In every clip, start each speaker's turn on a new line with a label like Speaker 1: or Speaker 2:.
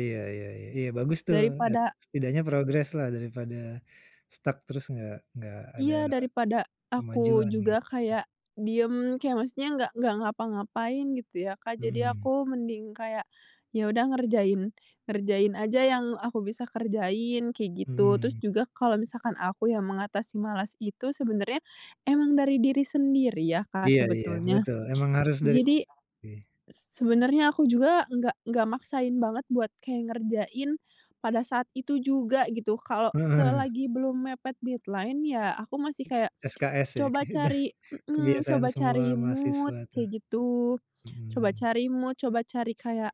Speaker 1: Iya iya iya iya bagus tuh nge
Speaker 2: Daripada
Speaker 1: setidaknya progres lah daripada stuck terus enggak enggak ada
Speaker 2: Iya, daripada aku
Speaker 1: kemajuan
Speaker 2: juga
Speaker 1: gitu.
Speaker 2: kayak diem, kayak maksudnya nggak nggak ngapa-ngapain gitu ya Kak, jadi
Speaker 1: Mhm.
Speaker 2: aku mending kayak ya udah ngerjain ngerjain aja yang aku bisa kerjain, kayak gitu. Terus
Speaker 1: Mhm.
Speaker 2: juga kalau misalkan aku yang mengatasi malas itu sebenernya emang dari diri sendiri ya Kak
Speaker 1: Iya iya
Speaker 2: sebetulnya.
Speaker 1: betul, emang harus dari
Speaker 2: Jadi
Speaker 1: ih.
Speaker 2: se sebenarnya aku juga nggak nggak maksain banget buat kayak ngerjain pada saat itu juga gitu, kalau
Speaker 1: Heeh.
Speaker 2: selagi belum mepet deadline ya aku masih kayak
Speaker 1: SKS ya
Speaker 2: coba
Speaker 1: keda
Speaker 2: cari mhm,
Speaker 1: kebiasaan
Speaker 2: coba
Speaker 1: semua
Speaker 2: cari mood
Speaker 1: mahasiswa tuh.
Speaker 2: kayak gitu, coba
Speaker 1: Mhm.
Speaker 2: cari mood, coba cari kayak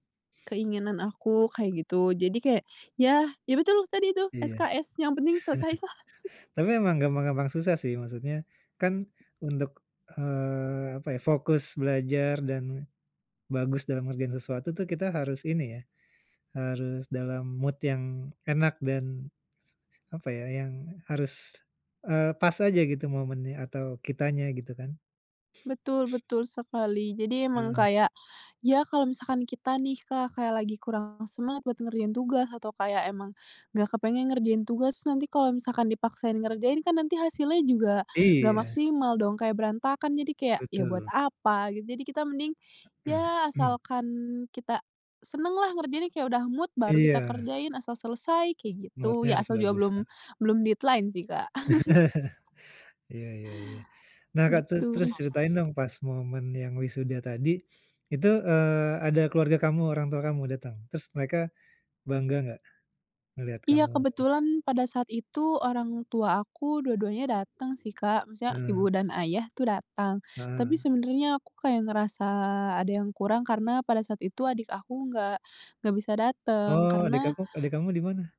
Speaker 2: keinginan aku, kayak gitu. Jadi kayak ya ya betul tadi itu,
Speaker 1: Iya,
Speaker 2: SKS yang penting selesai.
Speaker 1: tapi memang gampang-gampang susah sih, maksudnya kan untuk, eee, apa ya, fokus belajar dan bagus dalam ngerjain sesuatu tuh kita harus ini ya, harus dalam mood yang enak dan se apa ya, yang harus, eee, pas aja gitu momennya atau kitanya gitu kan?
Speaker 2: Betul betul sekali. Jadi emang
Speaker 1: Heeh.
Speaker 2: kayak, ya kalau misalkan kita nih Kak, kayak lagi kurang semangat buat ngerjain tugas atau kayak emang nggak kepengen ngerjain tugas, nanti kalau misalkan dipaksain ngerjain kan nanti hasilnya juga nggak
Speaker 1: Iya.
Speaker 2: maksimal dong, kayak berantakan, jadi kayak ya buat
Speaker 1: Betul.
Speaker 2: apa gitu. Jadi kita mending ya asalkan kita seneng lah ngerjainnya kayak udah mood baru kita
Speaker 1: Iya.
Speaker 2: kerjain, asal selesai kayak gitu,
Speaker 1: Mood-nya
Speaker 2: ya
Speaker 1: harus
Speaker 2: asal juga
Speaker 1: bagus,
Speaker 2: belum
Speaker 1: heeh.
Speaker 2: belum deadline sih Kak.
Speaker 1: Iya iya iya. Nah Kak, terus
Speaker 2: Gitu.
Speaker 1: terus ceritain dong pas momen yang wisuda tadi, itu, eee, ada keluarga kamu, orang tua kamu datang? Terus mereka bangga enggak melihat
Speaker 2: Iya
Speaker 1: kamu
Speaker 2: kebetulan pada saat itu orang tua aku dua-duanya datang sih Kak, maksudnya ibu
Speaker 1: Heeh.
Speaker 2: dan ayah tuh datang, tapi
Speaker 1: Heeh.
Speaker 2: sebenarnya aku kayak ngerasa ada yang kurang karena pada saat itu adik aku nggak nggak bisa dateng
Speaker 1: Oh adek
Speaker 2: karena
Speaker 1: aku ade kamu di mana?